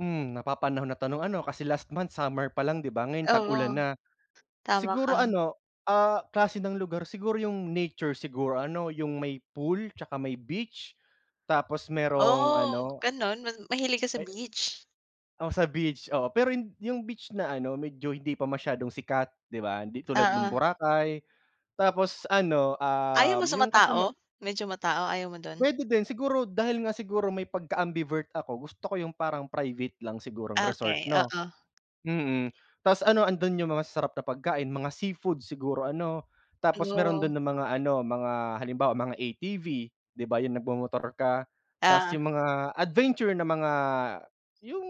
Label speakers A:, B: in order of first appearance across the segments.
A: Hmm, napapanahon na tanong ano, kasi last month summer pa lang 'di ba ngayon tag-ulan
B: Oo,
A: na.
B: tama ka.
A: Siguro ano, ah, klase ng lugar, siguro 'yung nature siguro ano, 'yung may pool 'tsaka may beach, tapos merong
B: Oh,
A: ano
B: gano'n ma mahilig ka sa
A: May
B: beach.
A: Oh, sa beach, oo. Pero 'yung 'yung beach na ano medyo hindi pa masyadong sikat 'di ba, hindi tulad nung
B: Oo.
A: Boracay. Tapos ano,
B: Ayaw mo
A: um,
B: sa
A: 'yung kasama
B: matao? Medyo matao, ayaw mo dun?
A: Puwede din, siguro dahil nga siguro may pagka-ambivert ako gusto ko 'yung parang private lang sigurong resort
B: Okey,
A: 'no,
B: oo.
A: mm. Tas ano andun 'yung mga masasarap na pagkain, mga seafood siguro ano. Tapos meron
B: Oh.
A: dun ng mga ano mga, halimbawa mga ATV, 'di ba 'yung nagmomotor ka. Tas
B: Ah.
A: 'yung mga adventure na mga, 'yung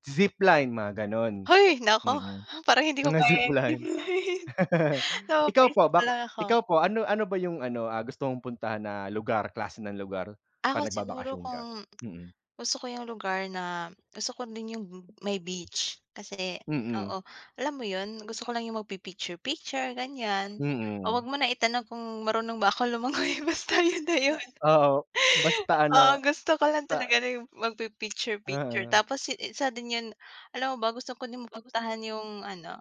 A: zipline mga ganun,
B: Hoy naku,
A: mm.
B: parang hindi ko
A: Mga
B: kaya 'yan
A: zipline. Ikaw po
B: napapa-isip
A: ba
B: lang ako.
A: ikaw po, ano ano ba 'yung ano, ah, gusto mong puntahan na lugar klase ng lugar
B: Ako
A: 'pag
B: siguro
A: nagbabakasyon ka?
B: kung
A: Mm.
B: gusto ko 'yung lugar na gusto ko din 'yung may beach kasi
A: Mm.
B: oo alam mo 'yun, gusto ko lang 'yung magpi-picture-picture ganiyan. O
A: Mm.
B: huwag mo na itanong kung marunong ba akong lumangoy basta 'yun na 'yun.
A: Oo, basta ano
B: Oo, gusto ko lang
A: ta
B: talaga na 'yung magpi-picture-picture,
A: Oo.
B: tapos isa din 'yun alam mo ba gusto ko din mapuntahan 'yung ano,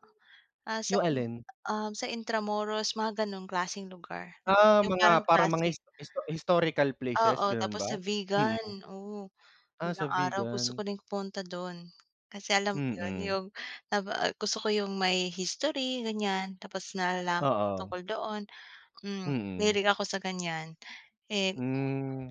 B: ah, sa,
A: 'Yung alin?
B: ah, sa Intramuros mga gano'ng klaseng lugar,
A: Ah
B: 'yung parang
A: mga parang mga
B: klasik.
A: his histo historical places
B: Oo,
A: gano'n
B: tapos
A: ba?
B: sa
A: Mm.
B: Vigan, oh
A: Ah
B: balang
A: sa
B: araw gusto ko
A: Vigan.
B: ring pumunta dun. Kasi alam mo 'yun
A: Mm.
B: 'yung na ba gusto ko 'yung may history ganiyan tapos nalalaman ko
A: Oo.
B: tungkol doon, hmm,
A: Mm.
B: mahilig ako sa ganiyan, eh
A: Hmm.